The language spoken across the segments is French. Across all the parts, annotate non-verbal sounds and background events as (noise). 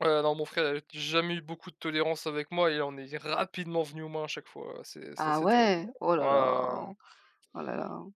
Heu, non, mon frère avait jamais eu beaucoup de tolérance avec moi et on est rapidement venu aux mains à chaque fois, heu, c'est c'était Ah assez terrible, ouais, oh heu, ouais, là ouais, ouais, ouais. là. Oh là là.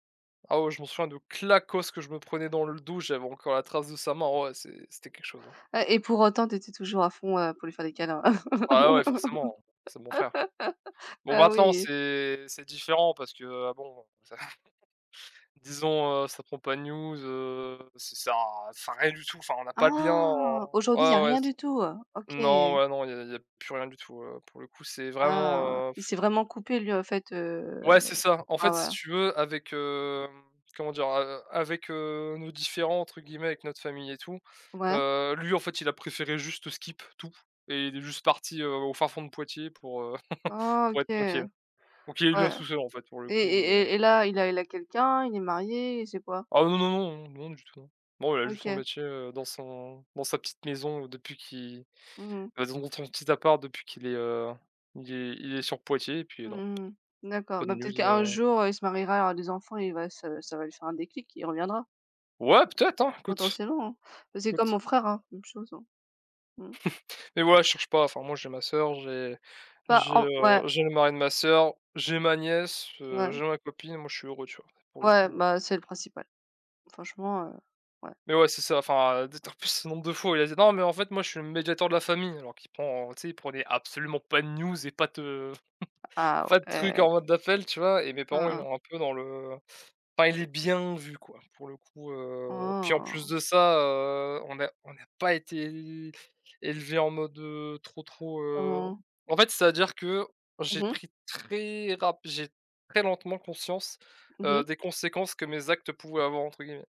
Ah ouais, je m'en souviens de claquosse que je me prenais dans le dos, j'avais encore la trace de sa main, ah ouais, c'est c'était quelque chose hein. Ah et pour autant tu étais toujours à fond, heu, pour lui faire des câlins. Ah ouais, forcément, c'est mon frère. (laughs) Bon Ah maintenant, oui. c'est c'est différent parce que, heu, bon (chuckles) disons, heu, ça prend pas de news, heu, ç ça ça rien du tout, enfin, on n'a pas de lien Ah. en ouais, Aujourd'hui il y a ouais, ouais rien c du tout, heu? mmh, non OK. ouais, non, il y a il y a il y a plus rien du tout, heu, pour le coup, c'est Ah. vraiment, heu, Il pff s'est vraiment coupé lui en fait, heu, Ouais, de c'est ça, en enfin, fait si voila. tu veux avec, hem, comment dire, a heu, avec, heu, «nos différents» entre guillemets, avec notre famille et tout, Ouais. heu, lui en fait il a préféré juste skip tout et il est juste parti, heu, au fin fond de Poitiers pour, heu, (chuckles) Oh pour OK. être tranquille. Ouais Donc il est bien tout seul en fait pour le et coup, et heu et et là, il a il a quelqu'un, il est marié, il sait quoi? Ah, heu, non, non, non, non du tout, hein. Bon il a juste son OK. métier, heu, dans son dans sa petite maison depuis qui Mmh mh. et zon son petit appart depuis qu'il est, heu, il est il est sur Poitiers et puis non. Mmh mh. D'accord, Pas de bah peut-être news, qu'un heu jour, il se mariera, il aura des enfants et il va se ça va lui faire un déclic et il reviendra. Ouais peut-être hein écoute, Potentiellement, c'est comme écoute. mon frère hein, même chose. Mmh. (chuckles) Mais ouais, je cherche pas, enfin moi, j'ai ma soeur, j'ai Bah j'ai, en ouais. heu, j'ai le mari de ma soeur, j'ai ma nièce, heu, Mouais. j'ai ma copine, moi, je suis heureux, tu vois? Pour le Ouais, coup, heu bah c'est le principal franchement, heu, ouais. Mais ouais, c'est ça, enfin, heu, d'être en plus ce nombre de fois où il a dit: «Non mais en fait moi je suis le médiateur de la famille». Alors qu'il prend, heu, tu sais il prenait absolument pas de news et pas te, heu, (chuckles) Ah pas de truc ouais. en mode d'appel tu vois? Et mes parents Hein ils hein. ont un peu dans le, heu pas il est bien vu quoi pour le coup, heu, puis en plus Waouh! de ça, heu, on n'a on n'a pas été é élevé en mode, heu, trop trop, heu Comment? en fait c'est-à-dire que j'ai Mmh mh. pris très rap j'ai très lentement conscience, Mmh heu, mh. des conséquences que «mes actes» pouvaient avoir entre guillemets.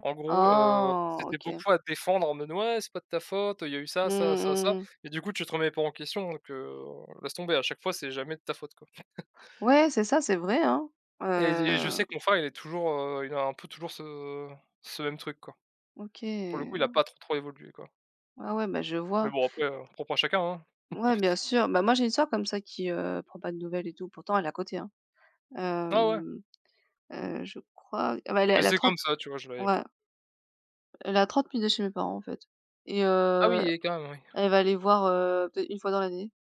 En gros, heu, Ah. c'était OK. beaucoup à défendre en mode: «Ouais, c'est pas de ta faute, il y a eu ça, Mmh ça, mh. ça, Mmh, ça» mmh mh. et du coup, tu te remets pas en question, donc, heu, laisse tomber à chaque fois, c'est jamais de ta faute quoi. (chuckles) Ouais, c'est ça, c'est vrai hein, Et je et je sais heu que mon frère, il est toujours, heu, il a un peu toujours ce ce même truc quoi. OK, Pour le coup, il a pas oh. trop, trop évolué quoi. Ah ouais. Bah je Mais vois. bon après, heu, propre à chacun. Ouais bien N'importe. sûr, bah moi, j'ai une soeur comme ça qui, heu, prend pas de nouvelles et tout pourtant elle est à côté, Ah ouais. hem, heu, je crois. Ah beh, elle Mais elle a c'est comme 30 ça, tu vois? Je l'ai ouais. Elle est à 30 minutes chez mes parents en fait et Ah heu, oui et quand même, oui. elle va aller voir, heu, peut-être une fois dans l'année.